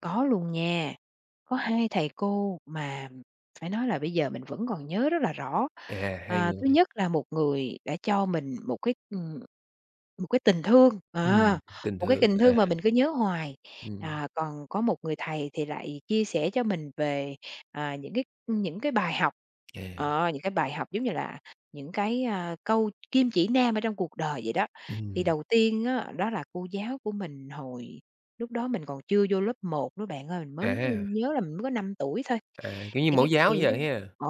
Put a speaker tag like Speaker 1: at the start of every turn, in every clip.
Speaker 1: Có luôn nha. Có hai thầy cô mà phải nói là bây giờ mình vẫn còn nhớ rất là rõ,
Speaker 2: À, hai
Speaker 1: à, thứ
Speaker 2: người.
Speaker 1: nhất là một người đã cho mình một cái, ừm, một cái tình thương,
Speaker 2: Ừm,
Speaker 1: ờ,
Speaker 2: tình
Speaker 1: một cái
Speaker 2: thương,
Speaker 1: tình
Speaker 2: à.
Speaker 1: thương mà mình cứ nhớ hoài,
Speaker 2: Ừm.
Speaker 1: à, còn có một người thầy thì lại chia sẻ cho mình về, à, những cái, ưm, những cái bài học,
Speaker 2: À.
Speaker 1: ờ, những cái bài học, giống như là, những cái, à, câu kim chỉ nam ở trong cuộc đời vậy đó. Thì
Speaker 2: Ừm.
Speaker 1: đầu tiên á, đó là cô giáo của mình hồi lúc đó mình còn chưa vô lớp 1 nữa bạn ơi, mình
Speaker 2: À
Speaker 1: mới
Speaker 2: ha.
Speaker 1: nh nhớ là mình mới có 5 tuổi thôi,
Speaker 2: À, kiểu, như
Speaker 1: thì
Speaker 2: mẫu
Speaker 1: cái,
Speaker 2: giáo
Speaker 1: kiểu,
Speaker 2: giờ ha?
Speaker 1: ờ,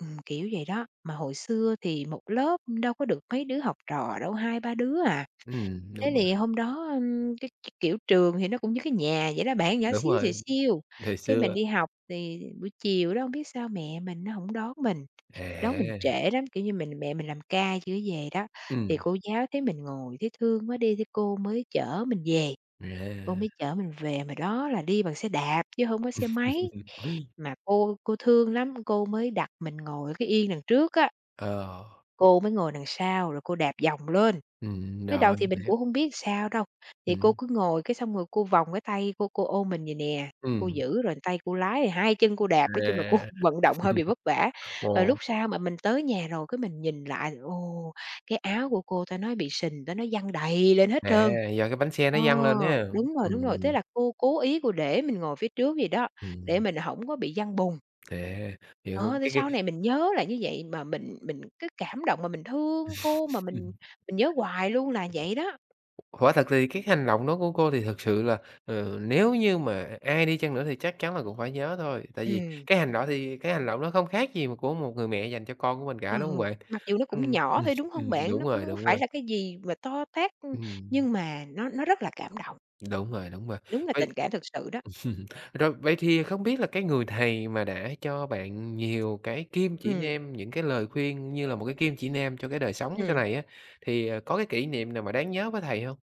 Speaker 1: ừm, kiểu vậy đó, mà hồi xưa thì một lớp đâu có được mấy đứa học trò đâu, 2, 3 đứa à.
Speaker 2: Ừm, đúng
Speaker 1: Thế
Speaker 2: rồi.
Speaker 1: thì hôm đó, ừm, cái, kiểu, trường thì nó cũng như cái nhà vậy đó bạn nhỏ
Speaker 2: Đúng
Speaker 1: xíu xìu
Speaker 2: rồi,
Speaker 1: xiu,
Speaker 2: thời
Speaker 1: cái mình
Speaker 2: xưa.
Speaker 1: đi học thì buổi chiều đó hông biết sao mẹ mình á hổng đón mình, đón mình
Speaker 2: À!
Speaker 1: trễ lắm, kiểu, như mình mẹ mình làm ca chưa có về đó, thì
Speaker 2: Ừm.
Speaker 1: cô giáo thấy mình ngồi thấy thương quá đi thì cô mới chở mình về, cô
Speaker 2: À.
Speaker 1: mới chở mình về mà đó là đi bằng xe đạp chứ hổng có xe máy, mà cô cô thương lắm, cô mới đặt mình ngồi ở cái yên đằng trước á.
Speaker 2: Ờ.
Speaker 1: Cô mới ngồi đằng sau rồi cô đạp vòng lên,
Speaker 2: Ừm,
Speaker 1: mới đầu
Speaker 2: rồi,
Speaker 1: thì mình
Speaker 2: mình hiểu.
Speaker 1: cũng hông biết sao đâu, thì cô
Speaker 2: Ừm.
Speaker 1: cứ ngồi cái xong rồi cô vòng cái tay cô cô ôm mình vậy nè, cô
Speaker 2: Ừm.
Speaker 1: giữ rồi tay cô lái, rồi hai chân cô đạp. Nói chung là cô
Speaker 2: À,
Speaker 1: vận động hơi bị vất vả, rồi
Speaker 2: ồ.
Speaker 1: lúc sau mà mình tới nhà rồi cái mình nhìn lại, ồ, cái áo của cô ta nói bị sình, ta nói văng đầy lên hết
Speaker 2: À,
Speaker 1: trơn.
Speaker 2: do cái bánh xe nó
Speaker 1: Ờ,
Speaker 2: văng lên ha,
Speaker 1: đúng rồi, đúng rồi, thế
Speaker 2: ừm.
Speaker 1: là cô cố ý cô để mình ngồi phía trước vậy đó, để
Speaker 2: Ừm.
Speaker 1: mình hổng có bị văng bùn.
Speaker 2: À, hiểu.
Speaker 1: Ờ, thì
Speaker 2: Cái cái
Speaker 1: sau này mình nhớ là như vậy mà mình mình cái cảm động mà mình thương cô mà mình mình nhớ hoài luôn là vậy đó.
Speaker 2: Quả thật thì cái hành động đó của cô thì thật sự là, ừ, nếu như mà ai đi chăng nữa thì chắc chắn là cũng phải nhớ thôi, tại vì
Speaker 1: Ừm.
Speaker 2: cái hành đọ thì cái hành động đó không khác gì m của một người mẹ dành cho con của mình cả, đúng hông
Speaker 1: Ừ,
Speaker 2: bạn?
Speaker 1: mặc dù nó cũng
Speaker 2: Ừm,
Speaker 1: nhỏ thôi, đúng hông bạn?
Speaker 2: đúng
Speaker 1: Nó cũng
Speaker 2: rồi,
Speaker 1: hổng có
Speaker 2: đúng
Speaker 1: phải
Speaker 2: rồi.
Speaker 1: là cái gì mà to tát, ưm,
Speaker 2: Ừm.
Speaker 1: nhưng mà nó nó rất là cảm động.
Speaker 2: Đúng rồi, đúng rồi.
Speaker 1: Đúng là
Speaker 2: Vậy
Speaker 1: tình cảm thực sự đó.
Speaker 2: rồi vậy thì không biết là cái người thầy mà đã cho bạn nhiều cái kim chỉ
Speaker 1: Ừm.
Speaker 2: nam, những cái lời khuyên như là một cái kim chỉ nam cho cái đời sống sau
Speaker 1: Ừm.
Speaker 2: này á, thì, ờ, có cái kỷ niệm nào mà đáng nhớ với thầy hông?